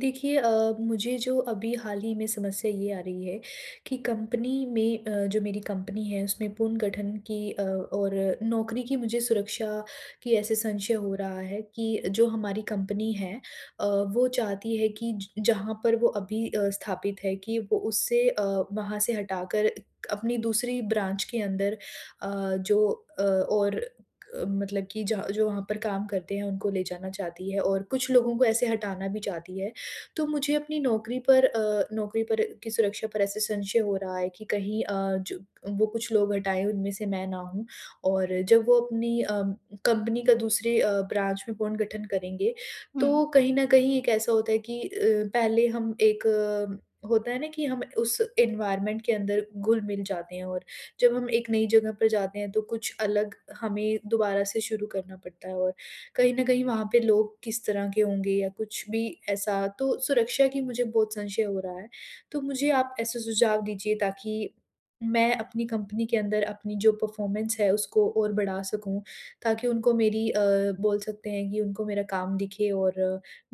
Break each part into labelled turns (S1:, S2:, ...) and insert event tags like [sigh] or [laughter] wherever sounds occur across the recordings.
S1: देखिए अ, मुझे जो अभी हाल ही में समस्या ये आ रही है कि कंपनी में अ, जो मेरी कंपनी है, उसमें पुनर्गठन की अ, और नौकरी की मुझे सुरक्षा की ऐसे संशय हो रहा है कि जो हमारी कंपनी है अ, वो चाहती है कि ज जहाँ पर वो अभी अ, स्थापित है कि उ उससे अ, वहाँ से हटाकर एक अपनी दूसरी ब्रांच के अंदर अ, जो अ, और अ, मतलब कि ज जो वहाँ पर काम करते हैं, उनको ले जाना चाहती है और कुछ लोगों को ऐसे हटाना भी चाहती है। तो मुझे अपनी नौकरी पर अ, नौकरी पर की सुरक्षा पर ऐसे संशय हो रहा है कि कहीं अ, जब वो कुछ लोग हटाएँ, उनमें से मैं ना हूँ और जब वो अपनी अम कंपनी का दूसरे अ, ब्रांच में पुर्नगठन करेंगे,
S2: हुँ।
S1: तो कहीं न कहीं एक ऐसा होता है कि अ, पहले हम एक होता है ना, कि हम उस एनवायरनमेंट के अंदर घुल-मिल जाते हैं और जब हम एक नई जगह पर जाते हैं, तो कुछ अलग हमें दोबारा से शुरू करना पड़ता है और कहीं न कहीं, वहाँ पे लोग किस तरह के होंगे या कुछ भी ऐसा, तो सुरक्षा की मुझे बहुत संशय हो रहा है। तो मुझे आप ऐसे सुझाव दीजिए, ताकि, मैं अपनी कंपनी के अंदर अपनी जो परफ़ॉर्मेंस है, उसको और बढ़ा सकूँ, ताकि उनको मेरी अ, बोल सकते हैं कि उनको मेरा काम दिखे और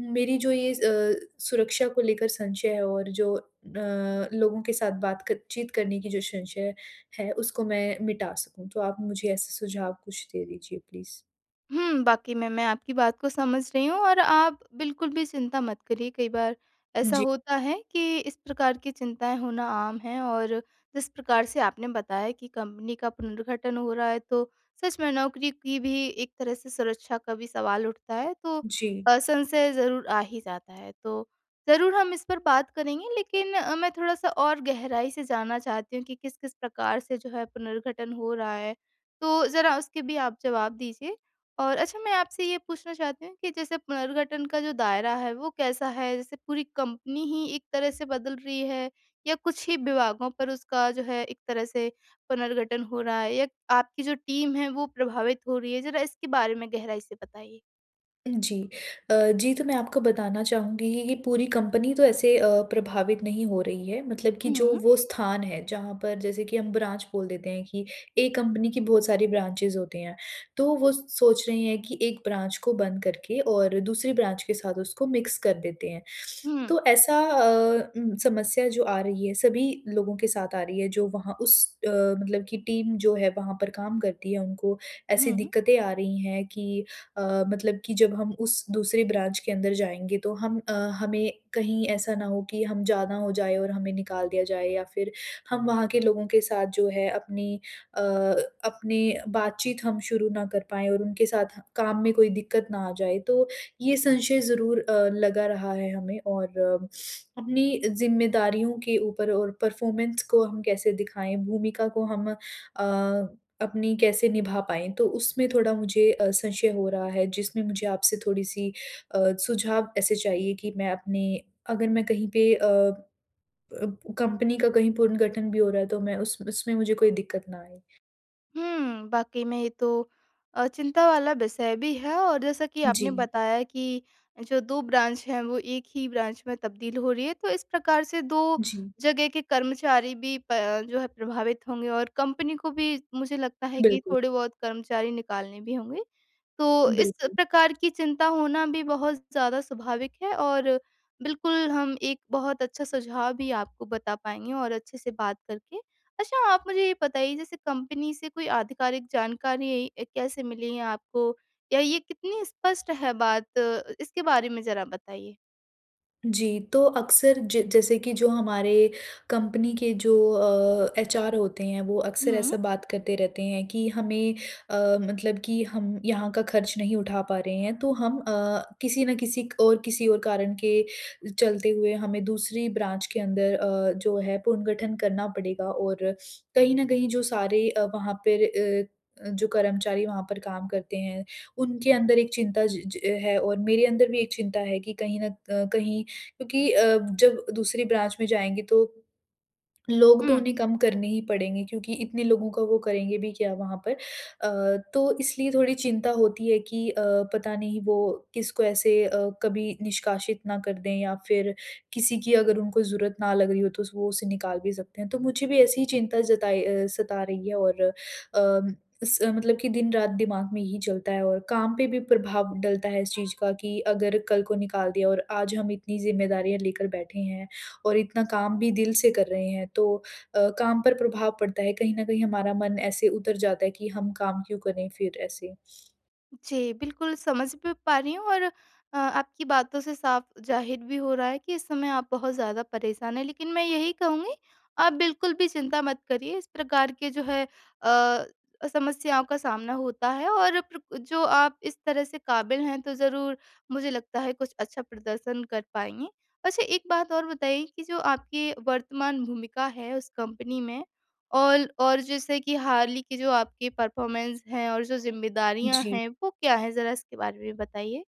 S1: मेरी जो ये अ, सुरक्षा को लेकर संशय है और जो अ, लोगों के साथ बात क चीत करने की जो संशय है, उसको मैं मिटा सकूँ। तो आप मुझे ऐसे सुझाव कुछ दे दीजिए प्लीज़।
S2: हुँ, वाक़ई में मैं आपकी बात को समझ रही हूँ और आप बिल्कुल भी चिंता मत करिए। कई बार
S1: हाँ
S2: ऐसा
S1: जी।
S2: होता है कि इस प्रकार की चिंताएँ होना आम है और जिस प्रकार से आपने बताया कि कंपनी का पुनर्गठन हो रहा है तो सच में नौकरी की भी एक तरह से सुरक्षा का भी सवाल उठता है तो
S1: जी।
S2: अ, संशय ज़रूर आ ही जाता है। तो ज़रूर हम इस पर बात करेंगे लेकिन अ, मैं थोड़ा-सा और गहराई से जानना चाहती हूँ कि किस-किस प्रकार से जो है पुनर्गठन हो रहा है तो ज़रा उसके भी आप जवाब दीजिए? और अच्छा मैं आपसे ये पूछना चाहती हूँ कि जैसे पुनर्गठन का जो दायरा है वो कैसा है? जैसे पूरी कंपनी ही एक तरह से बदल रही है या कुछ ही विभागों पर उसका जो है एक तरह से पुनर्गठन हो रहा है या आपकी जो टीम है वो प्रभावित हो रही है? ज़रा इसके बारे में गहराई से बताइए?
S1: जी। अ, जी तो मैं आपको बताना चाहूँगी कि कि पूरी कंपनी तो ऐसे अ, प्रभावित नहीं हो रही है मतलब कि जो
S2: हुँ।
S1: वो स्थान है जहाँ पर जैसे कि हम ब्रांच बोल देते हैं कि एक कंपनी की बहुत सारी ब्रांचेस होते हैं। तो वो सोच रही हैं कि 1 ब्रांच को बंद करके और दूसरी ब्रांच के साथ उसको मिक्स कर देते हैं। [sniffs]
S2: हुँ।
S1: तो ऐसा अ, उम, समस्या जो आ रही है सभी लोगों के साथ आ रही है जो वहाँ उस अ, मतलब कि टीम जो है वहाँ पर काम करती है। उनको ऐसी
S2: हुँ।
S1: दिक़्क़तें आ रही हैं कि अ, मतलब कि जब हम उस दूसरी ब्रांच के अंदर जाएँगे तो हम अ, हमें कहीं ऐसा ना हो कि हम ज़्यादा हो जाए और हमें निकाल दिया जाए या फ़िर हम वहाँ के लोगों के साथ जो है अपनी अ, अपनी बातचीत हम शुरू ना कर पाएँ और उनके साथ काम में कोई दिक़्क़त ना आ जाए। तो ये संशय ज़रूर अ, लगा रहा है हमें और [sniffs] अपनी ज़िम्मेदारियों के ऊपर और परफॉर्मेंस को हम कैसे दिखाएँ? भूमिका को हम अ अपनी कैसे निभा पाएँ? तो उसमें थोड़ा मुझे अ, संशय हो रहा है जिसमें मुझे आपसे थोड़ी-सी अ, सुझाव ऐसे चाहिए कि मैं अपनी अगर मैं कहीं पे अ, अ, कंपनी का कहीं पुनर्गठन भी हो रहा है तो मैं उस उसमें मुझे कोई दिक़्क़त ना आए।
S2: हुँ, वाक़ई में ये तो अ, चिंता वाला विषय भी है और जैसा कि आपने
S1: जी।
S2: बताया कि जो 2 ब्रांच हैं वो 1 ही ब्रांच में तब्दील हो रही हैं। तो इस प्रकार से 2
S1: जी।
S2: जगह के कर्मचारी भी प जो हैं प्रभावित होंगे और कंपनी को भी मुझे लगता है कि
S1: बिल्कुल।
S2: थोड़े बहुत कर्मचारी निकालने भी होंगे। तो इस
S1: बिल्कुल।
S2: प्रकार की चिंता होना भी बहुत ज़्यादा स्वाभाविक है और बिल्कुल हम एक बहुत अच्छा सुझाव भी आपको बता पाएँगे और अच्छे से बात करके। अच्छा आप मुझे ये बताइए जैसे कंपनी से कोई आधिकारिक जानकारी कैसे मिली है आपको या ये कितनी स्पष्ट है बात। इसके बारे में ज़रा बताइए?
S1: जी, तो अक्सर ज जैसे कि जो हमारे कंपनी के जो अ, एचअर होते हैं वो अक्सर
S2: हुँ।
S1: ऐसा बात करते रहते हैं कि हमें अ, मतलब कि हम यहाँ का खर्च नहीं उठा पा रहे हैं तो हम अ, किसी न किसी क और किसी और कारण के चलते हुए हमें दूसरी ब्रांच के अंदर अ, जो है पुनर्गठन करना पड़ेगा। और कहीं न कहीं जो सारे अ, वहाँ पर अ अ, जो कर्मचारी वहाँ पर काम करते हैं उनके अंदर एक चिंता ज ज है। और मेरे अंदर भी एक चिंता है कि कहीं न अ, कहीं क्योंकि अ, जब दूसरी ब्रांच में जाएँगे तो लोग तो
S2: हुँ।
S1: उन्हें कम करने ही पड़ेंगे क्योंकि इतने लोगों का वो करेंगे भी क्या वहाँ पर। अ, तो इसलिए थोड़ी चिंता होती है कि अ, पता नहीं वो किसको ऐसे अ, कभी निष्कासित ना कर दें या फ़िर किसी की अगर उनको ज़रूरत ना लग रही हो तो वो उसे निकाल भी सकते हैं। तो मुझे भी ऐसी ही चिंता जताई अ, सता रही है और अ, स मतलब कि दिन-रात दिमाग में ये ही चलता है। और काम पे भी प्रभाव डलता है इस चीज़ का कि अगर कल को निकाल दिया और आज हम इतनी ज़िम्मेदारियाँ लेकर बैठे हैं और इतना काम भी दिल से कर रहे हैं तो अ, काम पर प्रभाव पड़ता है। कहीं न कहीं हमारा मन ऐसे उतर जाता है कि हम काम क्यों करें फ़िर ऐसे?
S2: जी, बिल्कुल समझ भी पा रही हूँ और अ, आपकी बातों से साफ ज़ाहिर भी हो रहा है कि इस समय आप बहुत ज़्यादा परेशान हैं। लेकिन मैं यही कहूँगी, आप बिल्कुल भी चिंता मत करिए इस प्रकार के जो है अ, समस्याओं का सामना होता है, और प्र जो आप इस तरह से काबिल हैं तो ज़रूर मुझे लगता है कुछ अच्छा प्रदर्शन कर पाएँगी। अच्छा एक बात और बताइए कि जो आपकी वर्तमान भूमिका है उस कंपनी में और और जैसे कि हाल ही की जो आपकी परफ़ॉर्मेंस है और जो ज़िम्मेदारियाँ
S1: जी।
S2: हैं वो क्या है? ज़रा इसके बारे में बताइए।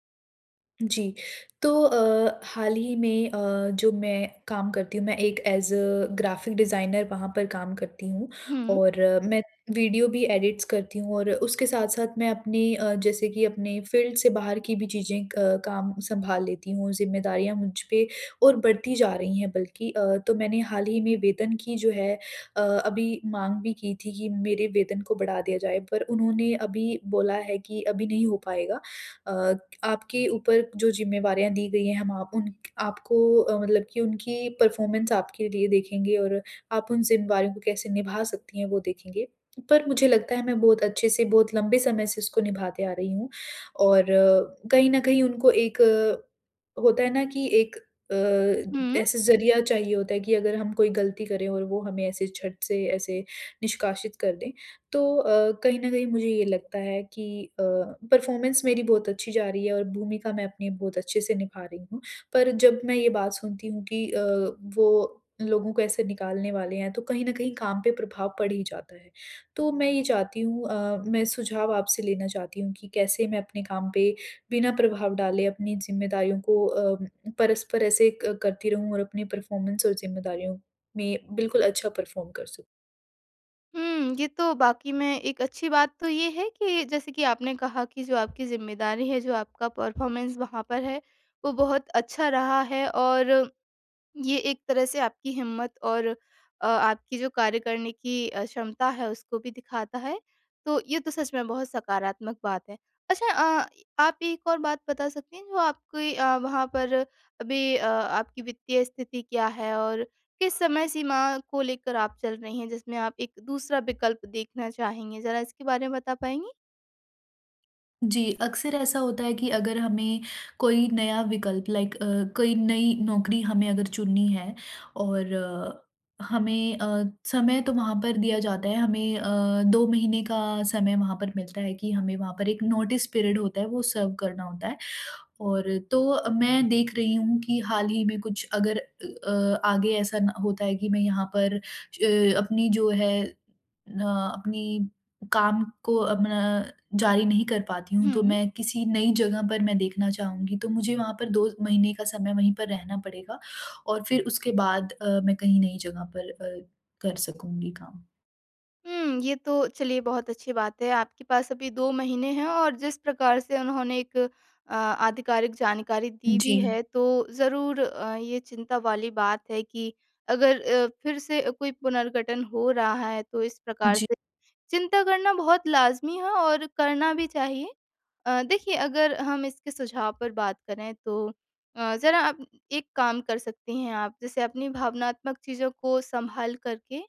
S1: जी, तो अ, हाल ही में अ, जो मैं काम करती हूँ मैं एक एज़ अ ग्राफिक डिज़ाइनर वहाँ पर काम करती हूँ।
S2: हुँ।
S1: और मैं वीडियो भी एडिट्स करती हूँ और उसके साथ-साथ मैं अपनी अ, जैसे कि अपने फ़ील्ड से बाहर की भी चीज़ें अ, काम संभाल लेती हूँ। ज़िम्मेदारियाँ मुझ पे और बढ़ती जा रही हैं बल्कि अ, तो मैंने हाल ही में वेतन की जो है अ, अभी माँग भी की थी कि मेरे वेतन को बढ़ा दिया जाए पर उन्होंने अभी बोला है कि अभी नहीं हो पाएगा। अ, आपके ऊपर जो ज़िम्मेवारियाँ दी गई हैं हम आप उन्क आपको अ, मतलब की उनकी परफ़ॉर्मेंस आपके लिए देखेंगे और आप उन ज़िम्मेदारियों को कैसे निभा सकती हैं वो देखेंगे। पर मुझे लगता है मैं बहुत अच्छे से बहुत लंबे समय से इसको निभाते आ रही हूँ और कहीं न कहीं उनको एक अ, होता है ना? कि एक अ,
S2: हुँ।
S1: ऐसा ज़रिया चाहिए होता है कि अगर हम कोई गलती करें और वो हमें ऐसे छट से ऐसे निष्कासित कर दें। तो अ, कहीं न कहीं मुझे ये लगता है कि अ, परफ़ॉर्मेंस मेरी बहुत अच्छी जा रही है और भूमिका मैं अपनी बहुत अच्छे से निभा रही हूँ। पर जब मैं ये बात सुनती हूँ कि अ, वो लोगों को ऐसे निकालने वाले हैं तो कहीं न कहीं काम पे प्रभाव पड़ ही जाता है। तो मैं ये चाहती हूँ अ, मैं सुझाव आपसे लेना चाहती हूँ कि कैसे मैं अपने काम पे बिना प्रभाव डाले अपनी ज़िम्मेदारियों को अ, परस्पर ऐसे करती रहूँ और अपनी परफ़ॉर्मेंस और ज़िम्मेदारियों में बिल्कुल अच्छा परफ़ॉर्म कर सकूँ।
S2: हुँ, ये तो वाकई में एक अच्छी बात तो ये है कि जैसे कि आपने कहा कि जो आपकी ज़िम्मेदारी है, जो आपका परफ़ॉर्मेंस वहाँ पर है, वो बहुत अच्छा रहा है और ये एक तरह से आपकी हिम्मत और अ, आपकी जो कार्य करने की अ, क्षमता है, उसको भी दिखाता है, तो ये तो सच में बहुत सकारात्मक बात है। अच्छा अ, आप एक और बात बता सकती हैं, जो आपकी अ, वहाँ पर अभी अ, आपकी वित्तीय स्थिति क्या है और किस समय सीमा को लेकर आप चल रही हैं, जिसमें आप एक दूसरा विकल्प देखना चाहेंगे? ज़रा इसके बारे में बता पाएँगी?
S1: जी, अक्सर ऐसा होता है कि अगर हमें कोई नया विकल्प लाइक अ, कोई नई नौकरी हमें अगर चुननी है और हमें अ, समय तो वहाँ पर दिया जाता है, हमें अ, 2 महीने का समय वहाँ पर मिलता है कि हमें वहाँ पर एक नोटिस पीरियड होता है, वो सर्व करना होता है और तो अ, मैं देख रही हूँ कि हाल ही में कुछ अगर अ अ, आगे ऐसा न होता है कि मैं यहाँ पर अ, अपनी जो है न अपनी काम को अपना जारी नहीं कर पाती हूँ, तो
S2: हुँ।
S1: मैं किसी नई जगह पर मैं देखना चाहूँगी। तो मुझे वहाँ पर 2 महीने का समय वहीं पर रहना पड़ेगा और फिर उसके बाद अ, मैं कहीं नई जगह पर अ, कर सकूँगी काम।
S2: हुँ, ये तो चलिए बहुत अच्छी बात है आपके पास अभी 2 महीने हैं और जिस प्रकार से उन्होंने एक अ, आधिकारिक जानकारी दी भी
S1: जी।
S2: है, तो ज़रूर अ, ये चिंता वाली बात है कि अगर अ, फिर से अ, कोई पुनर्गठन हो रहा है तो इस प्रकार
S1: जी।
S2: से चिंता करना बहुत लाज़मी है और करना भी चाहिए। अ, देखिए अगर हम इसके सुझाव पर बात करें तो अ, ज़रा आप एक काम कर सकती हैं आप जैसे अपनी भावनात्मक चीज़ों को सँभाल कर के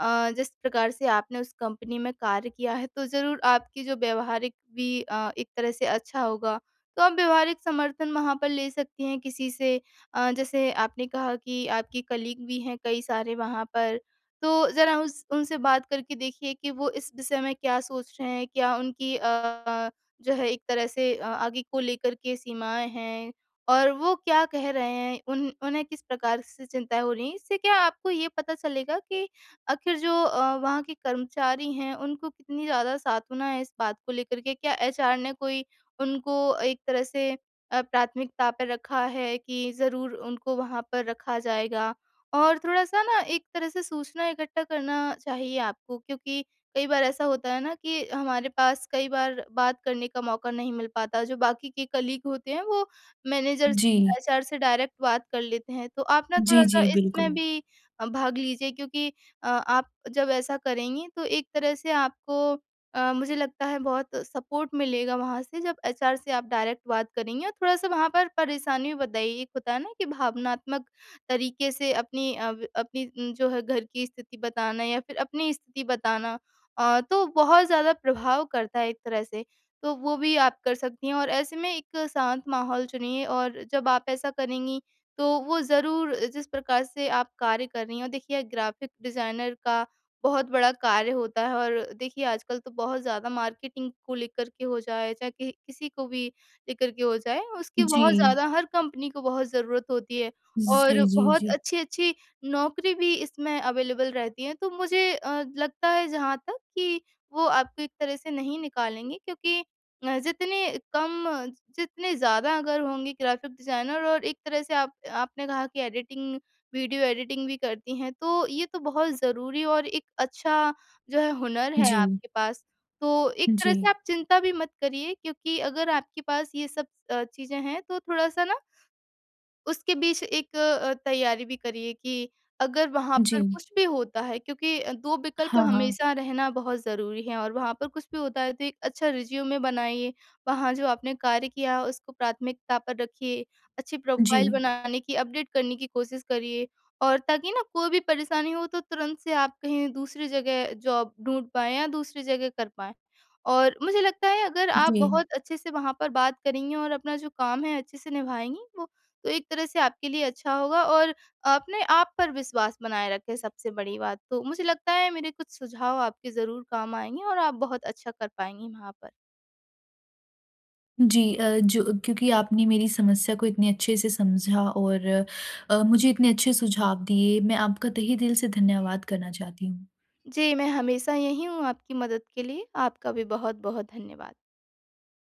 S2: अ, जिस प्रकार से आपने उस कंपनी में कार्य किया है तो ज़रूर आपकी जो व्यावहारिक भी अ, एक तरह से अच्छा होगा। तो आप व्यावहारिक समर्थन वहाँ पर ले सकती हैं किसी से अ, जैसे आपने कहा कि आपके कलीग भी हैं कई सारे वहाँ पर, तो ज़रा उस उनसे बात करके देखिए कि वो इस विषय में क्या सोच रहे हैं? क्या उनकी अ अ, जो है एक तरह से अ, आगे को लेकर के सीमाएँ हैं? और वो क्या कह रहे हैं उन उन्हें किस प्रकार से चिंताएँ हो रही हैं? इससे क्या आपको ये पता चलेगा कि आख़िर जो अ, वहाँ के कर्मचारी हैं, उनको कितनी ज़्यादा सांत्वना है इस बात को लेकर के क्या एचआर ने कोई उनको एक तरह से अ, प्राथमिकता पे रखा है कि ज़रूर उनको वहाँ पर रखा जाएगा। और थोड़ा-सा ना एक तरह से सूचना इकट्ठा करना चाहिए आपको क्योंकि कई बार ऐसा होता है ना कि हमारे पास कई बार बात करने का मौका नहीं मिल पाता जो बाकी के कलीग होते हैं वो मैनेजर
S1: जी।
S2: एचआर से डायरेक्ट बात कर लेते हैं। तो आप ना
S1: जी,
S2: थोड़ा-सा
S1: जी।
S2: इसमें
S1: बिल्कुल।
S2: भी अ, भाग लीजिए क्योंकि अ, आप जब ऐसा करेंगी तो एक तरह से आपको अ, मुझे लगता है बहुत सपोर्ट मिलेगा वहाँ से जब एचआर से आप डायरेक्ट बात करेंगी और थोड़ा-सा वहाँ पर परेशानी बताइए एक होता है ना, कि भावनात्मक तरीके से अपनी अ, अपनी जो है घर की स्थिति बताना या फिर अपनी स्थिति बताना अ, तो बहुत ज़्यादा प्रभाव करता है एक तरह से। तो वो भी आप कर सकती हैं और ऐसे में एक शांत माहौल चुनिए और जब आप ऐसा करेंगी तो वो ज़रूर जिस प्रकार से आप कार्य कर रही हैं और देखिए ग्राफ़िक डिज़ाइनर का बहुत बड़ा कार्य होता है और देखिए आजकल तो बहुत ज़्यादा मार्केटिंग को लेकर के हो जाए, चाहे किह किसी को भी लेकर के हो जाए उसकी बहुत
S1: जी।
S2: ज़्यादा हर कंपनी को बहुत ज़रूरत होती है। और
S1: जी, जी,
S2: बहुत
S1: जी।
S2: अच्छी-अच्छी नौकरी भी इसमें अवेलेबल रहती है तो मुझे अ, लगता है जहाँ तक कि वो आपको एक तरह से नहीं निकालेंगे क्योंकि अ, जितने कम जितने ज़्यादा अगर होंगे ग्राफ़िक डिज़ाइनर और एक तरह से आप आपने कहा कि एडिटिंग, वीडियो एडिटिंग भी करती हैं तो ये तो बहुत ज़रूरी और एक अच्छा जो है हुनर है
S1: जी।
S2: आपके पास। तो एक तरह से
S1: जी।
S2: आप चिंता भी मत करिए क्योंकि अगर आपके पास ये सब अ, चीज़ें हैं तो थोड़ा-सा ना, उसके बीच एक अ, तैयारी भी करिए कि अगर वहाँ पर
S1: जी।
S2: कुछ भी होता है क्योंकि अ, 2 विकल्प
S1: हाँ, हाँ।
S2: हमेशा रहना बहुत ज़रूरी है और वहाँ पर कुछ भी होता है तो एक अच्छा रिज़्यूमे बनाइए। वहाँ जो आपने कार्य किया उसको प्राथमिकता पर रखिए, अच्छी प्रोफ़ाइल
S1: जी।
S2: बनाने की अपडेट करने की कोशिश करिए और ताकि ना कोई भी परेशानी हो तो तुरंत से आप कहीं दूसरी जगह जॉब ढूँढ़ पाएँ या दूसरी जगह कर पाएँ। और मुझे लगता है अगर आप
S1: जी।
S2: बहुत अच्छे से वहाँ पर बात करेंगी और अपना जो काम है अच्छे से निभाएँगी वो, तो एक तरह से आपके लिए अच्छा होगा और अपने आप पर विश्वास बनाए रखें सबसे बड़ी बात तो। मुझे लगता है मेरे कुछ सुझाव आपके ज़रूर काम आएँगे और आप बहुत अच्छा कर पाएँगी वहाँ पर।
S1: जी। अ, जो क्योंकि आपने मेरी समस्या को इतने अच्छे से समझा और अ, मुझे इतने अच्छे सुझाव दिए मैं आपका तहे दिल से धन्यवाद करना चाहती हूँ।
S2: जी, मैं हमेशा यही हूँ आपकी मदद के लिए आपका भी बहुत-बहुत धन्यवाद।